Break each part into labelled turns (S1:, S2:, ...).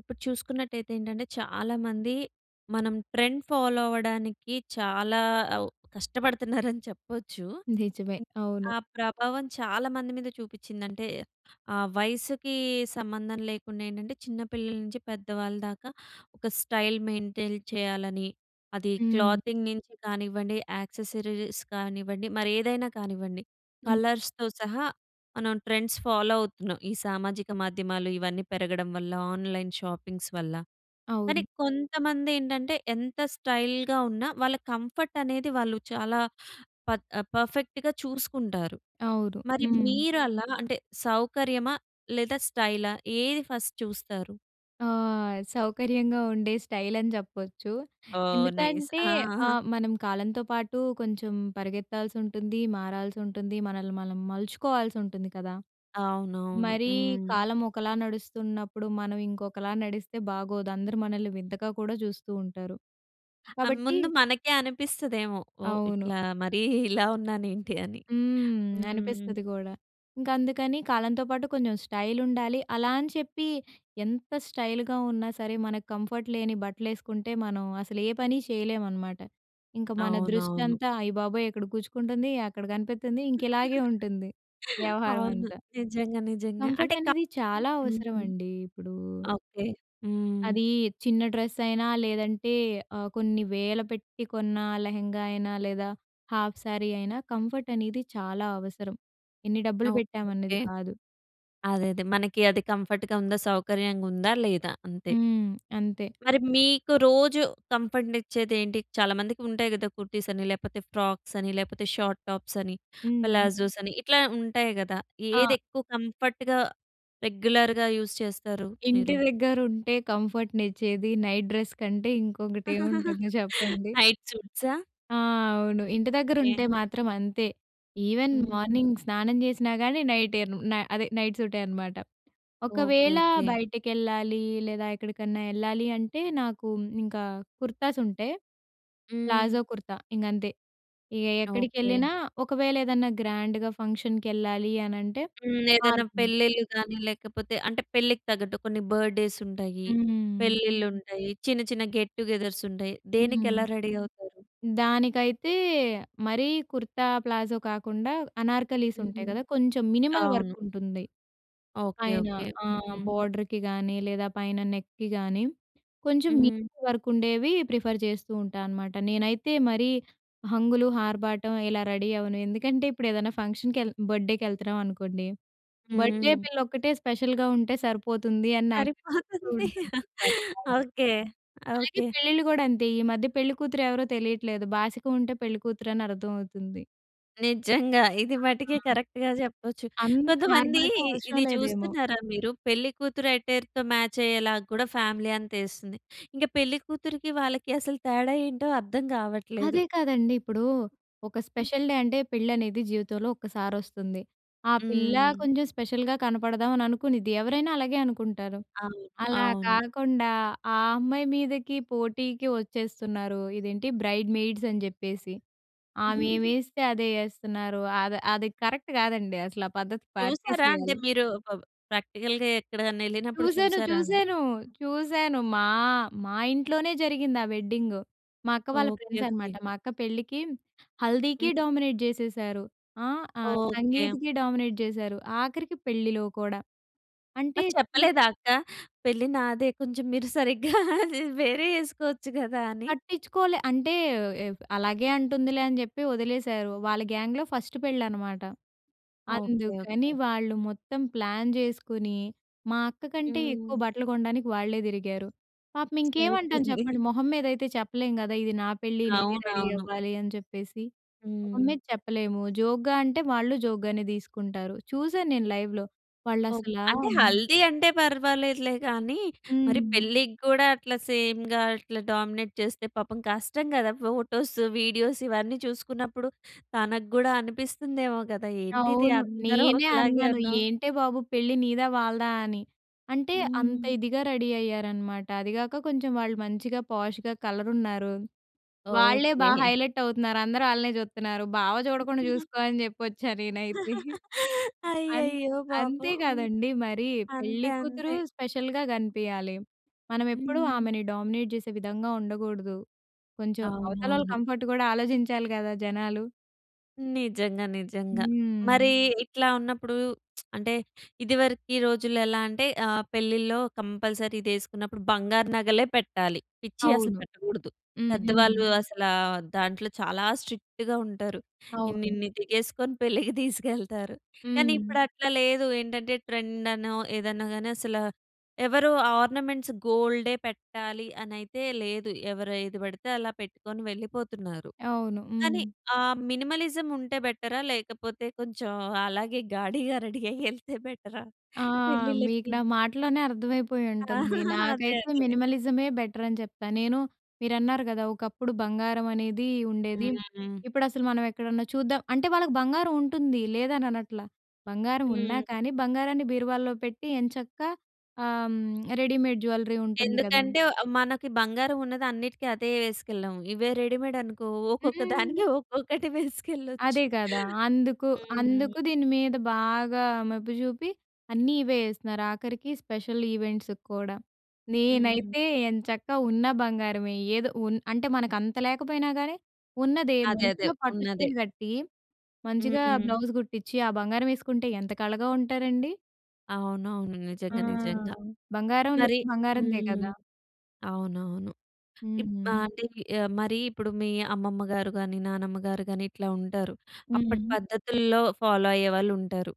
S1: ఇప్పుడు చూసుకున్నట్టయితే ఏంటంటే, చాలామంది మనం ట్రెండ్ ఫాలో అవ్వడానికి చాలా అవు కష్టపడతన్నారని చెప్పచ్చు.
S2: నిజమే.
S1: ఏంటి
S2: అవును.
S1: ఆ ప్రభావం చాలామంది మీద చూపిచ్చింది. అంటే, ఆ వయసుకీ సంబంధం లేకుండేంటంటే, చిన్న పిల్లల నించి పెద్ద వాళ్ళ దాకా, ఒక స్టైల్ మెయింటెయిల్ చెయ్యాలని. అదీ
S2: హ్మ్.
S1: క్లాతింగ్ నించి కానివ్వండి, యాక్సెసరీస్ కానివ్వండి, మరేదైనా కానివ్వండి.
S2: హ్మ్.
S1: కలర్స్‌తో సహా మనం ట్రెండ్స్ ఫాలో అవుతున్నాం, ఈ సామాజిక మాధ్యమాలు ఇవన్నీ పెరగడం వల్ల, ఆన్లైన్ షాపింగ్స్ వల్ల, కానీ
S2: అవును.
S1: కొంతమందేంటంటే ఎంత స్టైల్‌గా ఉన్నా, వాళ్ళ కంఫర్టనేది వాళ్ళు చాలా పత్ పర్ఫెక్ట్‌గా చూసుకుంటారు.
S2: అవును.
S1: మరి
S2: హ్మ్.
S1: మీరలా, అంటే, సౌకర్యమా లేదా స్టైలా ఏది ఫస్ట్ చూస్తారు?
S2: ఆహ్, సౌకర్యంగా ఉండే స్టైలని జెప్పచ్చు.
S1: ఓహ్! నైస్.
S2: ఎందుకంటే
S1: ఆ!
S2: ఆహ్, మనం కాలంతో పాటు కొంచం పరిగెత్తాల్సుంటుంది, మారాల్సుంటుంది, మనల్ని మనం మలుచుకోవాల్సుంటుంది కదా!
S1: అవునవును.
S2: మరీ
S1: హ్మ్.
S2: కాలం ఒకలా నడుస్తున్నప్పుడు మనం ఇంకొకలా నడిస్తే బాగోదు. అందరు మనల్ని వింతగా కూడా చూస్తూ ఉంటారు.
S1: ఆ!
S2: కాబట్టి
S1: ముందు మనకే అనిపిస్తదేమో! ఓహ్!
S2: అవును.
S1: ఇట్లా, మరీ ఇలా ఉన్నానేంటి అని?
S2: హ్మ్.
S1: హ్మ్.
S2: అనిపిస్తది గూడా. ఇంకందుకని కాలంతో పాటు కొంచం స్టైలుండాలి. అలా అని చెప్పీ ఎంత స్టైలుగా ఉన్నా సరే, మనకు కంఫర్ట్ లేని బట్టలేసుకుంటే, మనం అసలు ఏ పని చెయ్యలేవనమాట. ఇంక మన
S1: అవునవును.
S2: దృష్టంతా, అయ్య బాబోయ్! ఇక్కడ గుచ్చుకుంటంది, అక్కడ గనిపిత్తంది. ఇంక ఇలాగే ఉంటుంది వ్యవహారం
S1: అవును.
S2: అంతా.
S1: నిజంగా. నిజంగా. అంటే,
S2: కంఫర్టనేది చాలా
S1: కంఫర్ట్
S2: అవసరమండీ ఇప్పుడూ.
S1: ఓకే. హ్మ్.
S2: అదీ చిన్న డ్రెసయినా, లేదంటే, ఆహ్, కొన్ని వేల పెట్టి కొన్నా లెహంగా అయినా, లేదా హాఫ్ శారీ అయినా, కంఫర్టనేది చాలా అవసరం. ఎన్ని డబ్బులు
S1: ఓకే.
S2: పెట్టామన్నది
S1: ఓకే.
S2: కాదు.
S1: అదే అదే. మనకి అది కంఫర్ట్‌గ ఉందా, సౌకర్యంగుందా, లేదా అంతే.
S2: హ్మ్. అంతే!
S1: మరి మీకు రోజూ కంఫర్ట్‌నిచ్చేది ఏంటి? చాలామందికి ఉంటాయి కదా కుర్తీసని, లేపోతే ఫ్రాక్సని, లేపోతే షాట్ టాప్సని,
S2: హ్మ్.
S1: ప్లాజోసని, ఇట్లా ఉంటాయి గదా! ఏది
S2: ఆ!
S1: ఎక్కువ కంఫర్ట్‌గా, రెగ్యులర్‌గా యూజ్ చేస్తారు
S2: ఇంటి
S1: మీరు?
S2: దెగ్గరుంటే, కంఫర్ట్‌నిచ్చేది నైట్ డ్రెస్ కంటే ఇంకొకటి ఏవుంటుంది చెప్పండి.
S1: నైట్ సూట్సా?
S2: ఆ! అవును. ఇంటి
S1: ఓకే.
S2: దగ్గరుంటే మాత్రం అంతే. ఈవెన్
S1: హ్మ్.
S2: మార్నింగ్ స్నానం చేసినా గానీ, నైటేను న అదే నైట్ సూటే అనమాట.
S1: ఓకే.
S2: ఒకవేళా
S1: ఓకే.
S2: బయటకెళ్ళాలీ, లేదా ఎక్కడికన్నా యెళ్ళాలి అంటే, నాకు ఇంకా కుర్తాసుంటే,
S1: హ్మ్.
S2: ప్లాజో కుర్తా ఇంగంతే. ఇగ
S1: ఓకే.
S2: ఎక్కడికెళ్ళినా ఒకవేళ, ఏదన్నా గ్రాండ్‌గా ఫంక్షన్‌కెళ్ళాలి అనంటే
S1: హ్మ్. ఏదన్నా
S2: మారుతుంది.
S1: పెళ్ళిళ్ళు గానీ, లేకపోతే, అంటే, పెళ్ళికి తగ్గట్టు కొన్ని బర్త్‌డేసుంటాయి,
S2: హ్మ్.
S1: పెళ్ళిళ్ళుంటాయి. చిన్న, చిన్న గెట్‌టుగెదర్సుంటాయి.
S2: హ్మ్.
S1: దేనికెలా రెడీ అవుతారు?
S2: దానికైతే మరీ కుర్తా, ప్లాజో కాకుండా, అనార్కలీసుంటాయి
S1: హ్మ్.
S2: కదా! కొంచం మినిమల్
S1: అవును.
S2: వర్కుంటుంది
S1: ఓకే.
S2: పైన.
S1: ఓకే.
S2: ఆ!
S1: హ్మ్.
S2: బోర్డర్‌కి గానీ, లేదా పైన నెక్‌కి గానీ, కొంచం నీట్
S1: హ్మ్.
S2: వర్కుండేవి ప్రిఫర్ చేస్తూ ఉంటానమాట. నేనైతే మరీ హంగులు, ఆర్భాటం ఇలా రెడీ అవ్వను. ఎందుకంటే, ఇప్పుడేదన్నా ఫంక్షన్‌కెళ్ బర్త్‌డే‌కెళ్తన్నావనుకోండి. బర్త్‌డే‌
S1: హ్మ్.
S2: పిల్లొక్కటే స్పెషల్‌గా ఉంటే సరిపోతుంది అని నాకనిపిస్తూ
S1: సరిపోతుంది.
S2: ఉంటుంది. [unintelligible]
S1: ఓకే.
S2: అలాగే
S1: ఓకే.
S2: పెళ్ళిళ్ళు గూడంతే. ఈ మధ్య పెళ్ళికూతురు ఎవరో తెలీట్లేదు. బాసికం ఉంటే పెళ్ళికూతురు అని అర్ధమవుతుంది.
S1: నిజంగా. ఇది మటికే
S2: ఆహా!
S1: కరెక్ట్‌గా జెప్పొచ్చు.
S2: అంత
S1: కొంతమంది
S2: ఆర్భాటం అవసరం
S1: ఇది
S2: లేదేమో.
S1: చూస్తున్నారా మీరు, పెళ్ళికూతురు అట్టర్‌తో మాచ్ అయ్యేలాగా కూడా ఫ్యామిలీ అంత ఏస్తుంది. ఇంక పెళ్ళి కూతురికి వాళ్ళకి అసలు తేడా ఏంటో అర్థం గావట్లేదు.
S2: అదే కాదండి. ఇప్పుడూ ఒక
S1: హ్మ్.
S2: స్పెషల్ డే అంటే పెళ్ళనేది జీవితంలో ఒక్కసారి వస్తుంది. ఆ పిల్ల
S1: హ్మ్.
S2: కొంచెం స్పెషల్‌గా కనపడదాం అని అనుకునిద్ది. ఎవరైనా అలాగే అనుకుంటారు.
S1: అవును.
S2: అలా
S1: అవును.
S2: కాకుండా, ఆ అమ్మాయి మీదకి పోటీకి వచ్చేస్తున్నారు, ఇదేంటి బ్రైడ్ మెయిడ్స్ అని జెప్పేసి. ఆమె ఏం యేస్తే అదే యేస్తున్నారు. అది అది కరెక్ట్ గాదండి అసల, ఆ పద్ధతి
S1: చూసారా? అంటే
S2: మార్చసేయాలి.
S1: మీరు పబ్ ప్రాక్టికల్‌గా ఎక్కడైనా ఎళ్ళినప్పుడు
S2: చూసాను,
S1: చూసారా అని.
S2: చూసాను. చూసాను. మా మా ఇంట్లోనే జరిగింది ఆ వెడ్డింగు. మా అక్క వాళ్ళ
S1: ఓకే.
S2: ఫ్రెండ్స్ అనమాట.
S1: ఓకే.
S2: మా అక్క పెళ్ళికి హల్దీకి
S1: హ్మ్.
S2: డామినేట్ జేసేసారు. ఆహ్, ఆ
S1: ఓకే.
S2: సంగీత్‌కి డామినేట్ జేసారు. ఆఖరికి పెళ్ళిలో కూడా. అంటే
S1: మరి
S2: సి
S1: చెప్పలేదా అక్క, పెళ్ళి నాదే కొంచెం మీరు సరిగ్గా వేరే ఏసుకోవచ్చు గదా అని.
S2: పట్టించుకోలే. అంటే ఏవ్ అలాగే అంటుందిలే అని జెప్పి వదిలేసారు. వాళ్ళ గ్యాంగ్‌లో ఫస్ట్ పెళ్ళి అనమాట.
S1: ఆ! ఓకే.
S2: అందుకని
S1: ఓకే.
S2: వాళ్ళు మొత్తం ప్లాన్ జేసుకొని. మా అక్క కంటే ఎక్కువ
S1: హ్మ్.
S2: బట్టలు కొనడానికి వాళ్ళే తిరిగారు. పాపం ఇంకేమంటాం
S1: సరిపోయింది.
S2: చెప్పండి. మొహం మీద అయితే చెప్పలేం గదా! ఇది నా పెళ్ళి నేనే రెడీ
S1: అవునవును.
S2: అవ్వాలి అని చెప్పేసి. మొహం
S1: హ్మ్.
S2: మీద చెప్పలేము, జోక్‌గా అంటే వాళ్ళు జోక్‌గానే తీసుకుంటారు. చూశాను నేను లైవ్‌లో. వాళ్ళు
S1: ఓకే.
S2: అసలా
S1: అంటే, హల్దీ అంటే పర్వాలేదులే గానీ, మరి
S2: హ్మ్.
S1: పెళ్ళికి గూడా అట్లా సేమ్‌గా అట్లా డామినేట్ చేస్తే పాపం కష్టం గదా. ఫోటోస్, వీడియోస్ ఇవన్నీ చూసుకున్నప్పుడు తనకి గూడా అనిపిస్తుందేమో కదా! ఏంటిది
S2: అవును.
S1: అందరూ
S2: నేనే
S1: ఒకలాగే
S2: అన్నాను.
S1: ఉన్నాం.
S2: ఏంటే బాబు పెళ్ళి నీదా వాళ్ళదా అని. అంటే అంత
S1: హ్మ్.
S2: ఇదిగా రెడీ అయ్యారనమాట. అది గాక కొంచెం వాళ్ళు మంచిగా, పోష్‌గా కలరున్నారు. వాళ్ళే బాగా
S1: ఓకే.
S2: హైలైట్ అవుతున్నారు. అందరూ ఆళ్ళనే చూత్తన్నారు. బావ జూడకుండా జూసుకో అని జెప్పొచ్చా నేనైతే. అం
S1: అయ్యయ్యో!
S2: అంతే
S1: పాపం. హ్మ్.
S2: గదండి మరి, పెళ్లి
S1: అంతే
S2: కూతురు
S1: అంతే.
S2: స్పెషల్‌గా గనిపియాలి. మనం ఎప్పుడూ
S1: హ్మ్.
S2: ఆమెని డామినేట్ జేసే విధంగా ఉండగూడదు. కొంచెం అవతల వాళ్ళ
S1: అవునవును.
S2: కంఫర్ట్ గూడా ఆలోచించాలి గదా జనాలు.
S1: నిజంగా నిజంగా. మరీ
S2: హ్మ్.
S1: ఇట్లా ఉన్నప్పుడు అంటే ఇదివరకి రోజుల్లో ఎలా అంటే, ఆహ్, పెళ్ళిలో కంపల్సరీ ఇది ఏసుకున్నప్పుడు, బంగారు నగలే పెట్టాలి. పిచ్చి అసలు
S2: అవును.
S1: పెట్టకూడదు.
S2: హ్మ్. హ్మ్.
S1: పెద్దవాళ్ళు అసలా దాంట్లో చాలా స్ట్రిక్ట్‌గా ఉంటారు.
S2: అవును.
S1: ఇన్నిన్ని దిగేసుకొని పెళ్ళికి దీసుకెళ్తారు. కానీ
S2: హ్మ్.
S1: ఇప్పుడు అట్లా లేదు ఏంటంటే, ట్రెండ్ అనో, ఏదన్నా గాని అసల. ఎవరు ఆర్నమెంట్స్ గోల్డే పెట్టాలి అని అయితే లేదు. ఎవరు ఏది పడితే అలా పెట్టుకొని వెళ్ళిపోతున్నారు.
S2: అవును.
S1: కానీ,
S2: హ్మ్.
S1: ఆ మినిమలిజం ఉంటే బెట‌రా? లేకపోతే కొంచెం అలాగే గాడిగా రెడీ అయ్యి యేళ్తే బెట‌రా
S2: ఆ! మీకు
S1: పె‌ళ్ళిళ్ళకి?
S2: నా మాటల్లోనే అర్థమైపోయి ఉంటుంది.
S1: అదే.
S2: నాకైతే
S1: అదే.
S2: మినిమలిజమే బెటర్ అని జెప్తా. నేను మీరన్నారు గదా! ఒకప్పుడు బంగారం అనేది ఉండేది.
S1: హ్మ్. హ్మ్.
S2: ఇప్పుడు అసలు మనం ఎక్కడన్నా చూద్దాం అంటే వాళ్ళకి బంగారం ఉంటుంది లేదని అనట్ల. బంగారం ఉన్నా
S1: హ్మ్.
S2: కానీ, బంగారాన్ని బీరువాలో పెట్టి ఎంచక్కా ఆహ్, రెడీమేడ్ జ్యువెల్లరీ ఉంటుంది గదా!
S1: ఎందుకంటే, అవ్ మనకు బంగారం ఉన్నది అన్నిటికి అదే యేసుకెళ్ళాం. ఇవే రెడీమేడ్ అనుకో ఒక్కొక్క దానికి
S2: హ్మ్.
S1: ఒక్కొక్కటి
S2: అదే
S1: వేసుకెళ్ళోచ్చు.
S2: కదా! అందుకు,
S1: హ్మ్.
S2: అందుకు దీని మీద బాగా మెప్పు జూపి, అన్నీ ఇవే యేస్తున్నారు. ఆఖరికి స్పెషల్ ఈవెంట్స్ కూడా.
S1: హ్మ్.
S2: నేనైతే ఏం చక్క ఉన్న బంగారమే ఏదో ఉన్ అంటే మనకు అంత లేకపోయినా గానీ, ఉన్నదే
S1: అదే. అదే.
S2: మంచిగా పట్టు
S1: ఉన్నదే.
S2: చీర కట్టీ, మంచిగా
S1: హ్మ్.
S2: బ్లౌజ్ గుట్టిచి ఆ బంగారం యేసుకుంటే ఎంత కళగా ఉంటారండి.
S1: అవునవును.
S2: ఆ!
S1: నిజంగా. నిజంగా.
S2: బంగారం
S1: మరి
S2: లుక్ బంగారందే
S1: హ్మ్.
S2: కదా!
S1: అవునవును. ఇప్
S2: హుహు.
S1: ఆహ్! అంటే ఈ మరి ఇప్పుడు మీ అమ్మమ్మ గారు గాని, నానమ్మ గారు గాని ఇట్లా ఉంటారు. అప్పటి
S2: హ్మ్.
S1: పద్ధతుల్లో ఫాలో అయ్యేవాళ్ళుంటారు.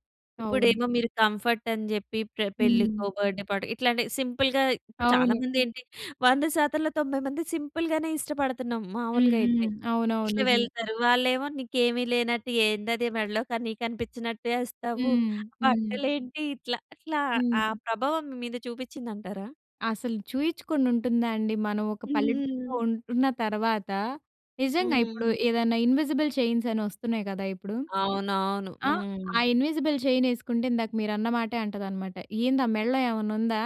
S2: అవును.
S1: ఇప్పుడేమో మీరు కంఫర్ట్ అని జెప్పి ప్ర పెళ్ళికో
S2: హ్మ్.
S1: బర్త్‌డే‌ పార్టీ ఇట్లాంటి సింపుల్‌గా ఇప్పుడు చాలా
S2: అవును.
S1: మంది ఏంటి 100 శాతంలో 90 సింపుల్‌గానే ఇష్టపడుతున్నాం
S2: హ్మ్.
S1: మామూలుగయితే.
S2: హ్మ్. అవునవును.
S1: ఇట్లా
S2: నిజమే.
S1: వెళ్తారు వాళ్ళేమో "నీకేమి లేనట్టు ఏందది మెడలో కని కనిపించినట్టేస్తావు
S2: హ్మ్. హ్మ్.
S1: బట్టలేంటి" ఇట్లా, ఇట్లా ఆ
S2: హ్మ్.
S1: ప్రభావం మీ మీద చూపిచ్చింది అంటారా?
S2: అసలు చూయిచ్చుకొని ఉంటుందా అండి? మనం ఒక పల్లెటూరులో ఉంటున్న తర్వాత, నిజంగా ఇప్పుడు
S1: హ్మ్.
S2: ఏదైనా ఇన్విజిబుల్ చైన్స్ అని వస్తున్నాయి కదా! ఇప్పుడు.
S1: అవునవును.
S2: ఆ!
S1: హ్మ్.
S2: ఆ ఇన్విజిబుల్ చైన్ యేసుకుంటే ఇందాక మీరన్నమాటే అంటదనమాట. "ఏంద ఆ మెడలో ఏమన్నా ఉందా?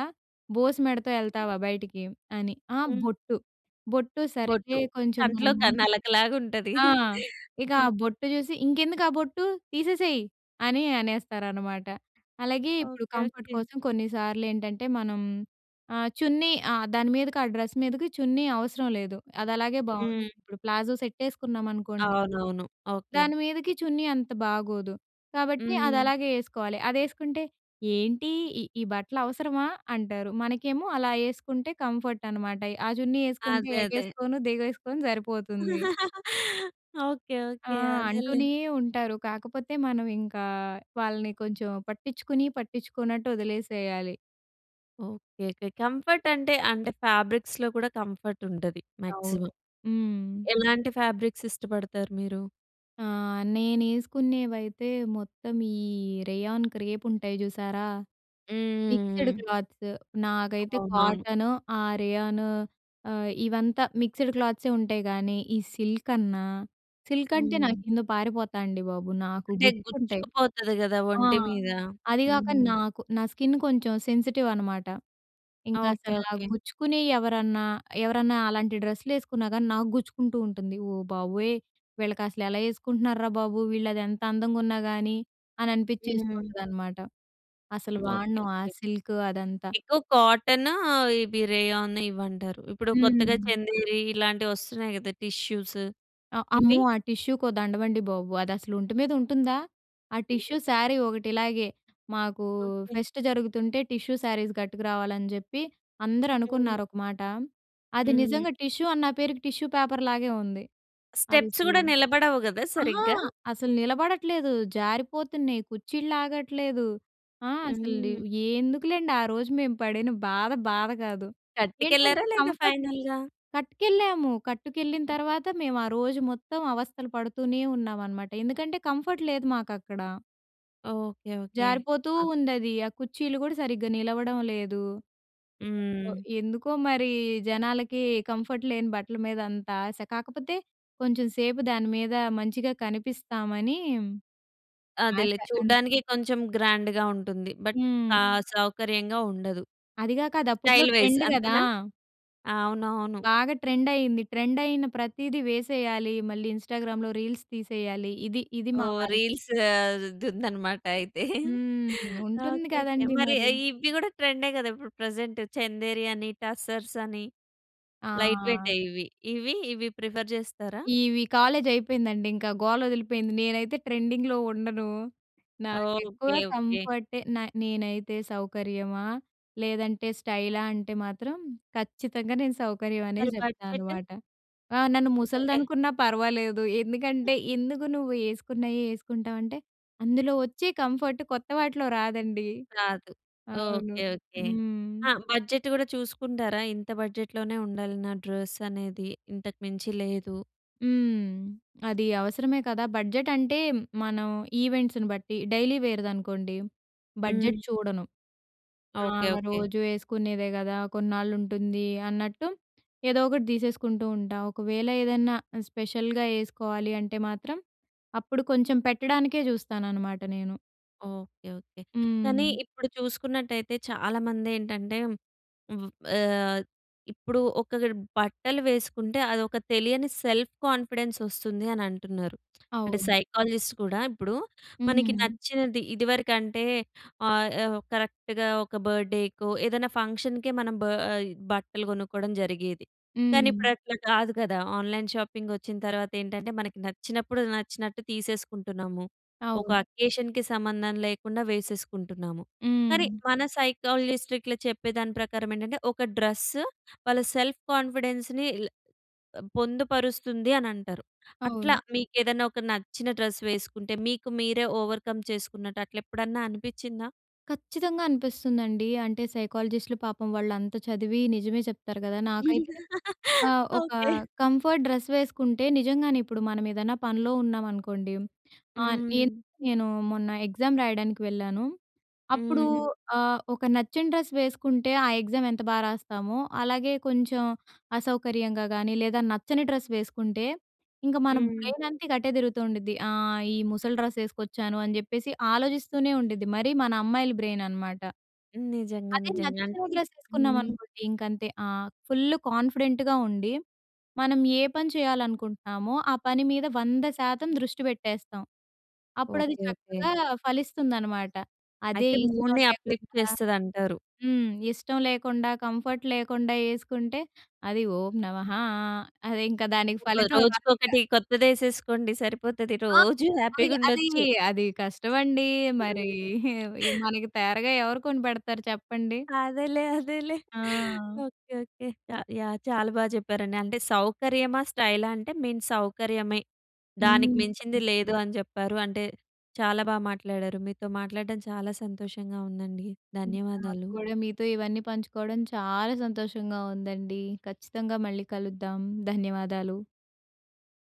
S2: బోసు మెడతో యెళ్తావా బయటికి" అని. ఆహ్,
S1: హ్మ్.
S2: బొట్టు, బొట్టు సరేలే
S1: బొట్టు.
S2: కొంచెం
S1: కంట్లో
S2: మనము
S1: క నలకలాగుంటది.
S2: ఆ! ఇక ఆ
S1: హ్మ్.
S2: బొట్టు చూసి "ఇంకెందుకు ఆ బొట్టు, తీసేసేయ్" అని అనేస్తారనమాట. అలాగే ఇప్పుడు
S1: ఓకే.
S2: Comfort
S1: okay.
S2: కోసం కొన్నిసార్లు ఏంటంటే, మనం ఆహ్, చున్నీ ఆహ్, దాని మీదకి ఆ డ్రెస్ మీదకి చున్నీ అవసరం లేదు. అది అలాగే బావుంటుంది.
S1: హ్మ్.
S2: ఇప్పుడు ప్లాజో సెట్ యేసుకున్నామనుకోండి,
S1: అవునవును. ఓకే.
S2: దాని మీదకి చున్నీ అంత బాగోదు. కాబట్టి
S1: హ్మ్.
S2: అదలాగే యేసుకోవాలి. అదేసుకుంటే, "ఏంటి? ఈ ఈ బట్టలవసరమా" అంటారు. మనకేమో అలా యేసుకుంటే కంఫర్ట్ అనమాట. ఎయ్ ఆ చున్నీ యేసుకుంటే
S1: అదే. అదే.
S2: ఎగేసుకొను, దిగేసుకొను సరిపోతుంది.
S1: ఓకే.
S2: ఆ!
S1: ఓకే. అదేలే.
S2: అంటూనే ఉంటారు. కాకపోతే మనం ఇంకా, వాళ్ళని కొంచెం పట్టిచ్చుకుని, పట్టించుకోన్నట్టు వదిలేసేయాలి.
S1: ఓకే. ఓకే. కంఫర్ట్ అంటే, అంటే ఫాబ్రిక్స్‌లో కూడా కంఫర్ట్ ఉంటది
S2: అవును.
S1: మాక్సిమం.
S2: హ్మ్.
S1: ఎలాంటి ఫ్యాబ్రిక్స్ ఇష్టపడతారు మీరు?
S2: ఆ! నేను ఏసుకునేవైతే మొత్తం ఈ రేయాన్ క్రేప్ ఉంటాయి చూసారా!
S1: హ్మ్. హ్మ్.
S2: మిక్స్‌డ్
S1: హ్మ్.
S2: క్లాత్స్. నాకైతే
S1: అవునవును.
S2: కాటను, ఆ రేయాను ఆహ్, ఇవంతా మిక్స్‌‌డ్ క్లోత్సే ఉంటాయి కానీ, ఈ సిల్క్ అన్న, సిల్క్ అంటే
S1: హ్మ్.
S2: నాకింద పారిపోతా అండి బాబు. నాకు
S1: అంటే
S2: గుచ్చుకుంటాయి.
S1: గుచ్చుకు పోతది కదా!
S2: ఆ!
S1: ఒంటి మీద?
S2: అది కాక
S1: హుహు.
S2: నాకు నా స్కిన్ కొంచెం సెన్సిటివ్ అనమాట. ఇంకా
S1: ఓకే.
S2: అసల
S1: ఓకే.
S2: గుచ్చుకునెయి ఎవరన్నా, ఎవరన్నా అలాంటి డ్రెస్‌లు వేసుకున్నా కానీ నాకు గుచ్చుకుంటూ ఉంటుంది. "ఓ బాబోయ్! వీళ్ళకి అసలు ఎలా వేసుకుంటున్నార్రా బాబు వీళ్ళు, అది ఎంత అందంగా ఉన్నా కానీ," అని
S1: హ్మ్.
S2: అనిపించేస్తుంటుందనమాట. అసలు
S1: ఓకే.
S2: వాడను, ఆ
S1: ఓకే.
S2: సిల్క్ అదంతా.
S1: ఎక్కువ కాటనూ, ఇవి రేయాన్ ఇవి అంటారు. ఇప్పుడు కొత్తగా
S2: హ్మ్.
S1: చందేరి, ఇలాంటివి వస్తున్నాయి కదా! టిష్యూస్.
S2: ఆ! అమ్మో!
S1: ఇవి.
S2: ఆ టిష్యూకి దండవండి బాబు. అదసలు ఒంటి మీద ఉంటుందా? ఆ టిష్యూ శారీ ఒకటి ఇలాగే, మాకు
S1: ఓకే.
S2: ఫెస్ట్ జరుగుతుంటే టిష్యూ శారీస్ గట్టుకు రావాలని చెప్పి అందరూ
S1: హ్మ్.
S2: అనుకున్నారు ఒక మాట. అది
S1: హ్మ్.
S2: నిజంగా టిష్యూ అన్నా పేరుకి టిష్యూ పేపర్‌లాగే ఉంది. అది
S1: స్టెప్స్
S2: అసలు
S1: కూడా నిలబడవు కదా
S2: అహ!
S1: సరిగ్గా?
S2: అసలు నిలబడట్లేదు. జారిపోతున్నాయి. కుచ్చిల్లాగట్లేదు. ఆ! అసలు
S1: హ్మ్.
S2: ఎందుకులెండి, ఆ రోజు మేము పడిన బాధ బాధ కాదు.
S1: కట్టుకెళ్లార
S2: ఏంటంటే
S1: లేదా
S2: కంఫర్ట్
S1: ఫైనల్‌గా?
S2: కట్టుకెళ్ళాము. కట్టుకెళ్ళిన తర్వాత మేము ఆ రోజు మొత్తం అవస్థలు పడుతూనే ఉన్నాం అనమాట. ఎందుకంటే కంఫర్ట్ లేదు మాకు అక్కడ.
S1: ఓకే. ఓకే.
S2: జారిపోతూ
S1: ఆ!
S2: ఉందది. ఆ కుచ్చీళ్ళు గూడా సరిగ్గా నిలవడం లేదు. ఏంటో,
S1: హ్మ్.
S2: ఎందుకో మరీ జనాలకీ కంఫర్ట్ లేని బట్టల మీద అంత ఆశ. కాకపోతే, కొంచెం సేపు దాని మీద మంచిగా కనిపిస్తామనీ ఆశ,
S1: అదేలే.
S2: అంతే.
S1: చూడ్డానికి కొంచం గ్రాండ్‌గా ఉంటుంది. బట్
S2: హ్మ్.
S1: ఆహ్, సౌకర్యంగా ఉండదు.
S2: అది గాక, అది అప్పుటులో
S1: స్టైల్ వైస్
S2: ట్రెండ్ గదా!
S1: అంతేనా? అవునవును.
S2: బాగా ట్రెండయింది. ట్రెండయిన ప్రతీది వేసేయాలీ. మళ్ళీ ఇంస్టాగ్రామ్‌లో రీల్స్ తీసెయ్యాలి. ఇది, ఇది మా
S1: ఓహ్!
S2: వాళ్ళకి
S1: రీల్సా ద్ దుందనమాట అయితే.
S2: హ్మ్. ఉంటుంది
S1: ఓకే. ఓకే.
S2: కదండి
S1: మరి
S2: మరి.
S1: ఏ ఇవ్వి గూడా ట్రెం‌డే గదా ఇప్పుడు ప్రెజెంట్. చెందేరి అనీ, టస్సర్సని. లైట్
S2: ఆ!
S1: వెయి‌టే ఇవి. ఇవీ ఇవి ప్రిఫర్ చేస్తారా?
S2: ఈవి కాలేజయిపోయిందండి, ఇంకా గోలొదిలిపోయింది. నేనైతే ట్రెండింగ్‌లో ఉండను. నాకెక్కువ
S1: ఓకే. ఓకే.
S2: కంఫర్టే న నేనైతే సౌకర్యమా, లేదంటే స్టైలా అంటే మాత్రం, ఖచ్చితంగా నేను సౌకర్యం అనే
S1: మరి బడ్జెట్?
S2: చెప్తా‌నమాట. ఆ! నన్ను
S1: ఏ
S2: ముసలదనుకున్నా పర్వాలేదు. ఎందుకంటే, ఎందుకు నువ్వు యేసుకున్నయ్యే యేసుకుంటావంటే, అందులో ఒచ్చే కంఫర్ట్ కొత్త వాటిలో రాదండి.
S1: కాదు.
S2: అవును.
S1: ఓకే. ఓకే.
S2: హ్మ్.
S1: ఆ! బడ్జెట్ గూడా చూసుకుంటారా, ఇంత బడ్జెట్లోనే ఉండాలి నా డ్రస్ అనేది ఇంతకు మించి లేదు?
S2: హ్మ్. అది అవసరమే కదా! బడ్జెట్ అంటే మనం ఈవెంట్స్‌ని బట్టి. డైలీ వేర్‌దనుకోండి బడ్జెట్
S1: హ్మ్.
S2: చూడను. ఆ!
S1: ఓకే. ఓకే.
S2: రోజు వేసుకునేదే కదా! కొన్నాళ్ళు ఉంటుంది అన్నట్టు, ఏదోకటి తీసేసుకుంటూ ఉంటా. ఒకవేళ ఏదన్నా స్పెషల్‌గా ఏసుకోవాలి అంటే మాత్రం, అప్పుడు కొంచెం పెట్టడానికే చూస్తాననమాట నేను.
S1: Okay okay. కానీ
S2: హ్మ్.
S1: ఇప్పుడు చూసుకున్నట్టయితే చాలామందేంటంటే, ఉవు ఆహ్, ఇప్పుడు ఒక బట్టలు వేసుకుంటే అదొక తెలియని సెల్ఫ్ కాన్ఫిడెన్సొస్తుంది అని అంటున్నారు. అంటే
S2: అవును.
S1: సైకాలజిస్ట్ కూడా ఇప్పుడు, మనకి
S2: హ్మ్.
S1: నచ్చినది ఇదివరకంటే ఆహ్, ఆ కరెక్ట్‌గా ఒక బర్త్‌డేకో ఏదైనా ఫంక్షన్‌కే మనం బా ఆహ్ బట్టలు కొనుక్కోవడం జరిగేది. కానీ ఇప్పుడు
S2: హ్మ్.
S1: అట్లా కాదు కదా! ఆన్‌లైన్ షాపింగ్ వచ్చిన తర్వాత ఏంటంటే, మనకి నచ్చినప్పుడు నచ్చినట్ట్టు తీసేసుకుంటున్నాము. ఒక
S2: అవును.
S1: అకేషన్‌కి సంబంధం లేకుండా వేసేసుకుంటున్నాము. కానీ,
S2: హ్మ్.
S1: మన సైకాలజిస్ట్ ఇట్లా చెప్పే దాని ప్రకారం ఏంటంటే ఒక డ్రెస్సు వాళ్ళ సెల్ఫ్ కాన్ఫిడెన్స్‌ని ఇల్ ఆహ్, పొందుపరుస్తుంది అని అంటారు.
S2: అవును.
S1: అట్లా మీకేదన్నా ఒక నచ్చిన డ్రెస్ వేసుకుంటే, మీకు మీరే ఓవర్‌కమ్ చేసుకున్నట్టు అట్లా ఎప్పుడన్నా అనిపించిందా?
S2: ఖచ్చితంగా అనిపిస్తుందండి. అంటే సైకాలజిస్ట్‌లు పాపం వాళ్ళంత చదివి నిజమే చెప్తారు కదా! నాకైతే ఆహ్, ఒక
S1: ఓకె.
S2: కంఫర్ట్ డ్రెస్ వేసుకుంటే నిజంగానే ఇప్పుడు మనమేదైనా పనిలో ఉన్నామనుకోండి ఆహ్, ఏం
S1: హ్మ్.
S2: నేను మొన్న ఎగ్జామ్ రాయడానికి వెళ్ళాను. అప్పుడూ
S1: హ్మ్.
S2: ఆహ్, ఒక నచ్చిన డ్రెస్ వేసుకుంటే ఆ ఎగ్జామ్ ఎంత బాగా రాస్తామో! అలాగే కొంచెం అసౌకర్యంగా గానీ లేదా నచ్చని డ్రెస్ వేసుకుంటే, ఇంకా మన
S1: హ్మ్.
S2: బ్రైన్ అంత ఇంక అటే తిరుగుతూ ఉండుద్ది! ఆహ్, ఈ ముసలి డ్రెస్ ఎసుకొచ్చాను అని చెప్పేసి ఆలోచిస్తూనే ఉండుద్ది. మరీ మన అమ్మాయిల బ్రెయిన్ అనమాట.
S1: నిజంగా!
S2: అదే
S1: నిజంగా!
S2: నచ్చిన
S1: అంటే
S2: డ్రెస్
S1: హ్మ్.
S2: ఎసుకున్నామనుకోండి ఇంకంతే ఆహ్, ఫుల్ కాన్ఫిడెంట్‌గా ఉండి మనం ఏ పని చేయాలనుకుంటున్నామో ఆ పని మీద 100% దృష్టి పెట్టేస్తాం! అప్పుడది
S1: ఓకె, ఓకె.
S2: చక్కగా ఫలిస్తుందనమాట. అదే
S1: అయితే
S2: ఇష్టం
S1: మూడ్‌ని అప్‌లిఫ్ట్
S2: లేకుండా
S1: చేస్తదంటారు.
S2: హ్మ్. ఇష్టం లేకుండా కంఫర్ట్ లేకుండా ఎసుకుంటే అది ఓం నమః అది ఇంకా దానికి ఫలితం రాదిక.
S1: రోజుకొకటి కొత్తది ఎసేసుకోండి సరిపోతది
S2: ఆ!
S1: రోజు
S2: అది
S1: హ్యాపీగా
S2: అదీ
S1: ఉండొచ్చు.
S2: అది కష్టమండీ! మరీ మనకీ తేరగా ఎవరు కొనిపెడతారు చెప్పండి?
S1: అదేలే అదేలే.
S2: ఆ!
S1: Okay, okay. Ya yeah! చాలా బాగా చెప్పారండి. అంటే సౌకర్యమా? స్టైలా? అంటే మెయిన్ సౌకర్యమే
S2: హ్మ్.
S1: దానికి మించింది
S2: హ్మ్.
S1: లేదు అని చెప్పారు. అంటే చాలా బా మాట్లాడారు. మీతో మాట్లాడడం చాలా సంతోషంగా ఉందండి. ధన్యవాదాలు.
S2: నాక్కూడా మీతో ఇవన్నీ పంచుకోవడం చాలా సంతోషంగా ఉందండి. ఖచ్చితంగా మళ్ళీ కలుద్దాం. ధన్యవాదాలు.